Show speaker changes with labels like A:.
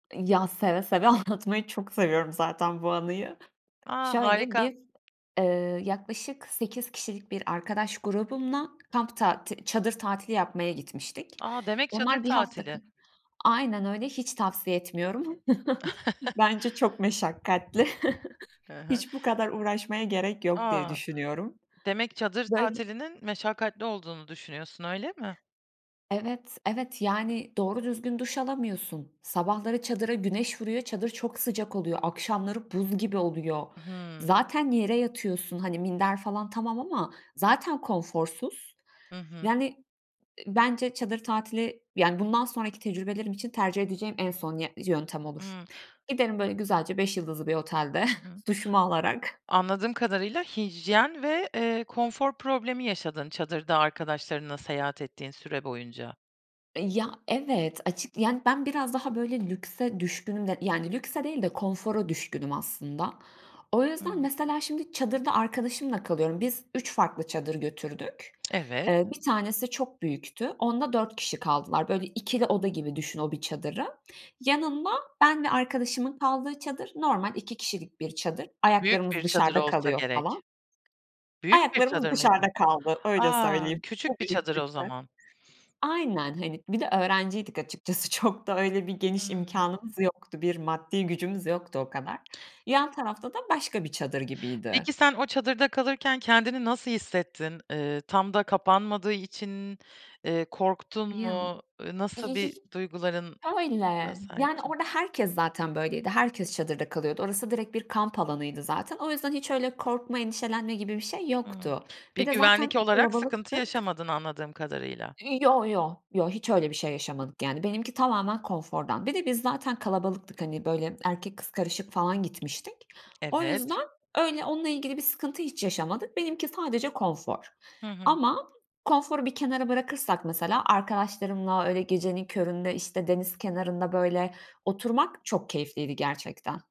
A: I ya, seve seve. Anlatmayı çok seviyorum zaten bu anıyı.
B: A!
A: Şöyle
B: Harika.
A: biz, ııı, yaklaşık 8 kişilik bir arkadaş grubumla kamp tati çadır tatili yapmaya gitmiştik.
B: A! Demek çadır
A: Onlar 1 hafta ka
B: tatili.
A: Aynen öyle, hiç tavsiye etmiyorum. Bence çok meşakkatli.
B: Hı hı.
A: Hiç bu kadar uğraşmaya gerek yok diye
B: A!
A: düşünüyorum.
B: Demek çadır
A: Böyl
B: tatilinin meşakkatli olduğunu düşünüyorsun, öyle mi?
A: Evet, evet yani doğru düzgün duş alamıyorsun. Sabahları çadıra güneş vuruyor. Çadır çok sıcak oluyor. Akşamları buz gibi oluyor.
B: I hı.
A: Zaten yere yatıyorsun. Hani minder falan tamam ama zaten konforsuz.
B: Hı hı.
A: Yani, ııı, bence çadır tatili yani bundan sonraki tecrübelerim için tercih edeceğim en son yö yöntem olur.
B: Hıı.
A: Giderim böyle güzelce 5 yıldızlı bir otelde
B: Hı hı.
A: duşumu alarak
B: Anladığım kadarıyla, hijyen ve, eee, konfor problemi yaşadın çadırda arkadaşlarınla seyahat ettiğin süre boyunca.
A: E, ya, evet. Açık ya, ben biraz daha böyle lükse düşkünüm de yani lükse değil de konfora düşkünüm aslında. O yüzden,
B: Hıı.
A: mesela, şimdi çadırda arkadaşımla kalıyorum. Biz 3 farklı çadır götürdük.
B: Evet.
A: Eee, 1 tanesi çok büyüktü. Onda 4 kişi kaldılar. Böyle 2'li oda gibi düşün o 1 çadırı. Yanında ben ve arkadaşımın kaldığı çadır normal 2 kişilik bir çadır.
B: Büyük bir
A: Ayaklarımız
B: çadır
A: dışarıda
B: olsa
A: kalıyor falan.
B: gerek. Büyük bir
A: Ayaklarımız
B: çadır mıydı?
A: dışarıda kaldı öyle
B: A,
A: söyleyeyim.
B: küçük bir
A: Tabii, üst
B: çadır o
A: üste.
B: zaman.
A: Aynen, hani bir de öğrenciydik açıkçası çok da öyle bir geniş
B: Hıı.
A: imkânımız yoktu. Bir maddi gücümüz yoktu o kadar. Yan tarafta da başka bir çadır
B: Peki
A: gibiydi.
B: sen o çadırda kalırken kendini nasıl hissettin? Iıı, tam da kapanmadığı için, eee, korktun
A: Ya
B: mu? I nasıl bir duyguların la
A: Öyle, yani
B: sahiptin?
A: orada herkes zaten böyleydi. Herkes çadırda kalıyordu orası direkt bir kamp alanıydı zaten. O yüzden hiç öyle korkma endişelenme gibi bir şey
B: Hıı.
A: yoktu. Bir
B: Bir
A: de
B: güvenlik
A: zaten
B: olarak sıkıntı
A: kalabalıktık.
B: yaşamadın anladığım kadarıyla.
A: I yo yo, yo. Hiç öyle bir şey yaşamadık yani benimki tamamen konfordan. Bir de biz zaten kalabalıktık, hani, böyle erkek kız karışık falan gitmiştik. O
B: Evet.
A: yüzden öyle onunla ilgili bir sıkıntı hiç yaşamadık. Benimki sadece konfor
B: Hı hı.
A: ama konforu bir kenara bırakırsak mesela arkadaşlarımla, öyle gecenin köründe, işte, deniz kenarında, böyle, oturmak çok keyifliydi gerçekten.